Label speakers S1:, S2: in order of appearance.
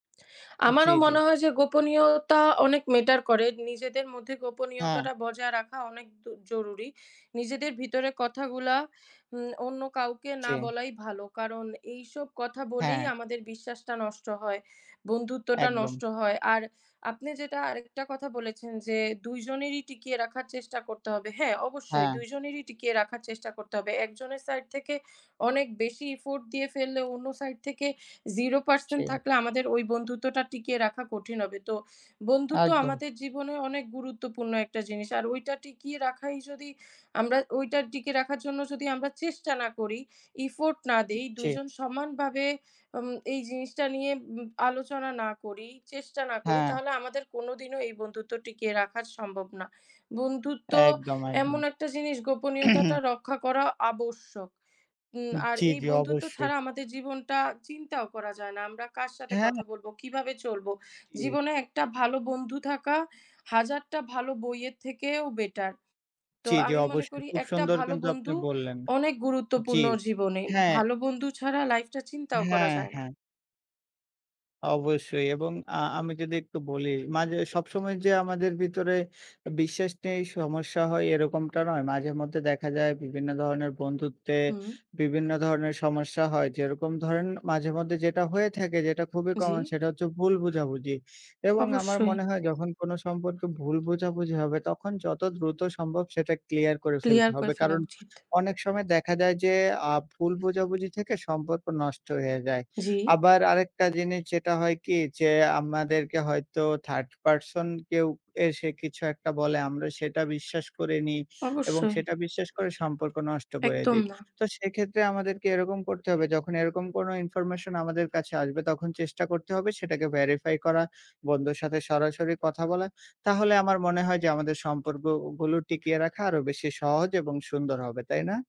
S1: জি,
S2: আমারও
S1: জি।
S2: মনে হয় যে গোপনীয়তা অনেক matter করে। নিজেদের মধ্যে
S1: হ্যাঁ।
S2: গোপনীয়তাটা বজায় রাখা অনেক দ জরুরি। নিজেদের ভিতরে কথাগুলা উ অন্য কাউকে না
S1: জি।
S2: বলাই ভালো। কারণ এইসব কথা বলেই
S1: হ্যাঁ।
S2: আমাদের বিশ্বাসটা নষ্ট হয়, বন্ধুত্বটা নষ্ট
S1: একদম।
S2: হয়। আর আপনি যেটা আরেকটা কথা বলেছেন যে ২ জনেরই টিকিয়ে রাখার চেষ্টা করতে হবে। হ্যাঁ, অবশ্যই
S1: হ্যাঁ।
S2: ২ জনেরই টিকিয়ে রাখার চেষ্টা করতে হবে। একজনের side থেকে অনেক বেশি effort দিয়ে ফেললে অন্য side থেকে zero
S1: জি।
S2: percent থাকলে আমাদের ওই বন্ধুত্বটা টিকিয়ে রাখা কঠিন হবে। তো বন্ধুত্ব
S1: একদম।
S2: আমাদের জীবনে অনেক গুরুত্বপূর্ণ একটা জিনিস। আর ওইটা টিকিয়ে রাখাই যদি আমরা ওইটার টিকে রাখার জন্য যদি আমরা চেষ্টা না করি, effort না দেই,
S1: জি।
S2: ২ জন সমানভাবে আম এই জিনিসটা নিয়ে ব আলোচনা না করি, চেষ্টা না করি
S1: হ্যাঁ।
S2: তাহলে আমাদের কোনোদিনও এই বন্ধুত্ব টিকে রাখা সম্ভব না। বন্ধুত্ব
S1: একদম,
S2: এমন
S1: একদম।
S2: একটা জিনিস গোপনীয়তাটা রক্ষা করা আবশ্যক। উ আর
S1: জি,
S2: এই
S1: জি
S2: বন্ধুত্ব
S1: অবশ্যই।
S2: ছাড়া আমাদের জীবনটা চিন্তাও করা যায় না। আমরা কার সাথে
S1: হ্যাঁ।
S2: কথা বলব, কিভাবে চলব?
S1: ই
S2: জীবনে একটা ভালো বন্ধু থাকা হাজারটা ভালো বইয়ের থেকেও better। তো
S1: জি, জি
S2: আমি মনে
S1: অবশ্যই।
S2: করি
S1: খুব
S2: একটা
S1: সুন্দর
S2: ভালো
S1: কিন্তু আপনি
S2: বন্ধু
S1: বললেন।
S2: অনেক
S1: জি।
S2: গুরুত্বপূর্ণ জীবনে।
S1: হ্যাঁ।
S2: ভালো বন্ধু ছাড়া life টা চিন্তাও করা
S1: হ্যাঁ,
S2: যায় না।
S1: হ্যাঁ। অবশ্যই এবং আ আমি যদি একটু বলি, মাঝে সব সময় যে আমাদের ভিতরে বিশ্বাস নেই, সমস্যা হয় এরকমটা নয়। মাঝেমধ্যে দেখা যায় বিভিন্ন ধরনের বন্ধুত্বে
S2: হুম।
S1: বিভিন্ন ধরনের সমস্যা হয়। যেরকম ধরেন মাঝেমধ্যে যেটা হয়ে থাকে, যেটা খুবই common
S2: জি।
S1: সেটা হচ্ছে ভুল বোঝাবুঝি। এবং আমার
S2: অবশ্যই।
S1: মনে হয় যখন কোনো সম্পর্কে ভুল বোঝাবুঝি হবে তখন যত দ্রুত সম্ভব সেটা clear করে ফেলতে
S2: clear
S1: হবে।
S2: করে ফেলা
S1: কারণ
S2: উচিত।
S1: অনেক সময় দেখা যায় যে আ ভুল বোঝাবুঝি থেকে সম্পর্ক নষ্ট হয়ে যায়।
S2: জি।
S1: আবার আরেকটা জিনিস যেটা হয় কি যে আমাদেরকে হয়তো 3rd person কেউ এসে কিছু একটা বলে, আমরা সেটা বিশ্বাস করে নিই এবং
S2: অবশ্যই।
S1: সেটা বিশ্বাস করে সম্পর্ক নষ্ট করে
S2: একদম
S1: দেই।
S2: না।
S1: তো সেক্ষেত্রে আমাদেরকে এরকম করতে হবে যখন এরকম কোনো information আমাদের কাছে আসবে তখন চেষ্টা করতে হবে সেটাকে verify করা, বন্ধুর সাথে সরাসরি কথা বলা। তাহলে আমার মনে হয় যে আমাদের সম্পর্কগুলো টিকিয়ে রাখা আরও বেশি সহজ এবং সুন্দর হবে। তাই না?